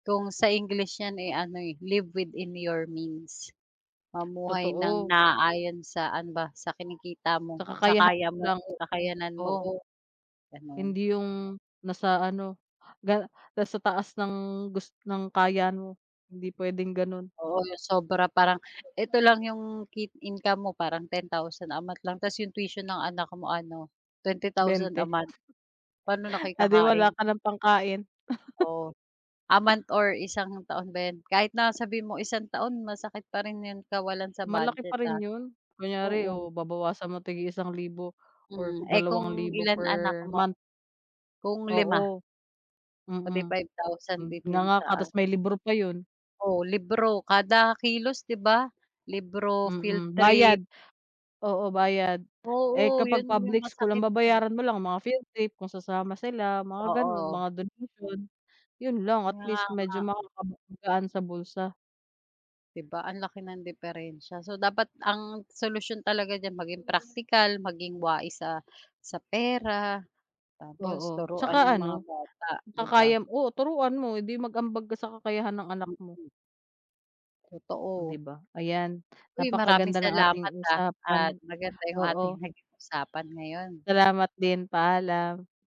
Kung sa English yan, eh, ano eh, live within your means mamuhay nang Totoo. naaayon sa ano ba, sa kinikita mo, Sa sa kakayahan kaya mo mo, lang, oo, kakayanan mo, oo, ganon. hindi yung nasa ano, ga nasa taas ng gus ng kaya mo hindi pwedeng ganon. Oo, 'yong sobra parang eto lang 'yong ki income mo parang 10,000 a month lang, tapos 'yong tuition ng anak mo ano, 20,000 a 20. month, paano na kayo Ah, di wala kakain? ka ng pangkain. Oh, a month or isang taon ba yan, kahit na sabihin mo isang taon masakit pa rin 'yong kawalan sa Malaki pa budget rin ah, yun, kunyari oo. o babawasan mo tig-iisang libo or Mm, eh, kung dalawang libo ilan anak per mo? month. Kung 5? Oo, Oh, 'di mhm, 5,000 mm, din yung nganga ka sa. tapos may libro pa yun. Oh, libro kada kilos 'di ba, libro, field Mhm, bayad, trip. oo bayad, eh, Oo, kapag yun yung public school ang masakit pa. babayaran mo lang mga field trip kung sasama sila mga ganon Oo. mga donation, yun lang at Kaya least nga. medyo makakagaan sa bulsa. 'Di ba, ang laki ng diperensiya, so, dapat ang solusyon talaga diyan maging praktikal maging wais sa sa pera, tapos Oo, 'tsaka turuan yung mga ano, bata 'di ba? kakaya, oo, turuan mo hindi mag-ambag ka sa kakayahan ng anak mo. Mhm. 'Di Totoo. ba, ayan Uy! maraming napakaganda ng ating salamat ah, at usapan, maganda yung ating oo. naging usapan ngayon. Salamat din, paalam.